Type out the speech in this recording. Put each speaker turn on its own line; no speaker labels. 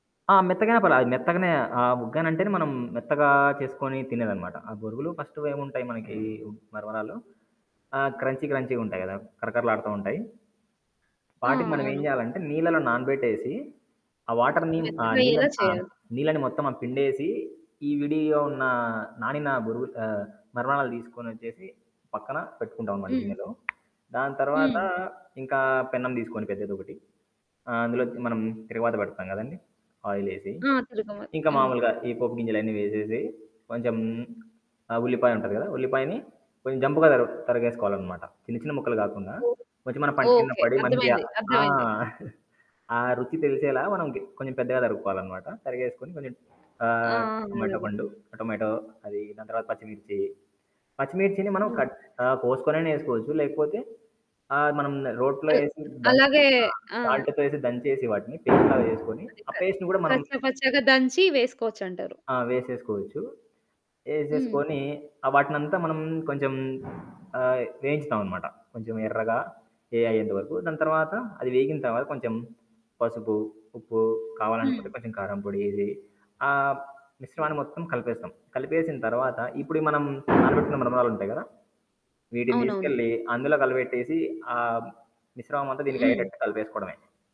ఆ! మెత్తగైనా పర్లా అది మెత్తగనే ఆహ్, ఉగ్గనంటేనే మనం మెత్తగా చేసుకొని తినేదన్నమాట. ఆ బొరుగులు ఫస్ట్ ఏముంటాయి మనకి ఉ మరమరాలు ఆహ్,
హ్మ్.
క్రంచీ క్రంచీ‌గుంటాయి కదా! కరకరలాడుతూ ఉంటాయి.
ఆ!
వాటిని మనమేం
అవును.
చేయాలంటే నీళ్లలో నానబెట్టేసి ఆ
ఓహ్!
వాటర్‌ని ఆ
మెత్తగయ్యేలా
నీళ్ళని ఆహ్,
చేయాలి.
నీళ్ళని మొత్తం ఆహ్, పిండేసి ఈ విడిగా ఉన్న నానిన బురుగు ఆహ్, మరమరలు తీసుకొనోచ్చేసి పక్కన పెట్టుకుంటామనమాట
హ్మ్.
గిన్నెలో. దాని తరువాత
హ్మ్.
ఇంకా పెన్నం తీసుకొని పెద్దదొకటి ఆహ్, అందు‌లోకి మనం తిరగమాత పెడతాం కదండీ ఆయిలేసి.
ఆ! తిరగమాత.
ఇంకా
అవును.
మాములుగా ఈ పోపు గింజలన్నీ వేసేసి కొంచెం ఆహ్, ఉల్లిపాయుంటది కదా! ఉల్లిపాయని కొంచెం జంపుగా తర తరగేసుకోవాలనమాట. చిన్న చిన్న ముక్కలు కాకుండా
ఓహ్!
కొంచెం మన పంటి కింద
ఓకే.
పడి మనకి
అర్థమైంది
ఆ!
అర్థమైంది.
ఆ రుచి తెలిసేలా మనం కీ కొంచెం పెద్దగా తరుక్కోవాలన్నమాట. తరిగేసుకొని కొంచెం
ఆ!
ఆహ్,
ఆ!
టమాటో
అలాగే.
పండు టొమాటో అది దాని తర్వాత పచ్చిమిర్చి, పచ్చిమిర్చిని మనం
ఆ!
కట్ ఆహ్, కోసుకొనైనా ఏసుకోవచ్చు. లేకపోతే ఆహ్, మనం రోట్లో
అల్
ఏసి దంచే
అలాగే
ఆహ్,
ఆ!
సాల్ట్‌తో ఎసి దంచేసి వాటిని పేస్ట్ లాగా చేసుకొని
అది
ఆ
కల్
పేస్ట్‌ని కూడా మనం!
కచ్చా పచ్చాగా దంచి వేసుకోవచ్చంటారు.
ఆ! వేసేసుకోవచ్చు.
హ్మ్.
ఏసేసుకొని వాటినంతా మనం కొంచెం ఆహ్ వేయించుతామనమాట. కొంచెం ఎర్రగా ఎ అయియ్యేంత వరకు. దాని తర్వాత అది వేగిన తర్వాత కొంచెం పసుపు ఉప్పు కావాలనుకుంటే
హ్మ్.
కొంచెం కారంపొడేసి ఆ మిశ్రమాన్ని
హుహు.
మొత్తం కలిపేస్తాం. కలిపేసిన తర్వాత
హ్మ్.
ఇప్పుడు మనం నానబెట్టిన మరమరాలుంటాయి కదా! వీటిని
అవునవును.
తీసుకెళ్ళి అందులో కలబెట్టేసి ఆ మిశ్రమమంతా
హ్మ్.
దీనికయ్యేటట్టు కలిపేసుకోడమే.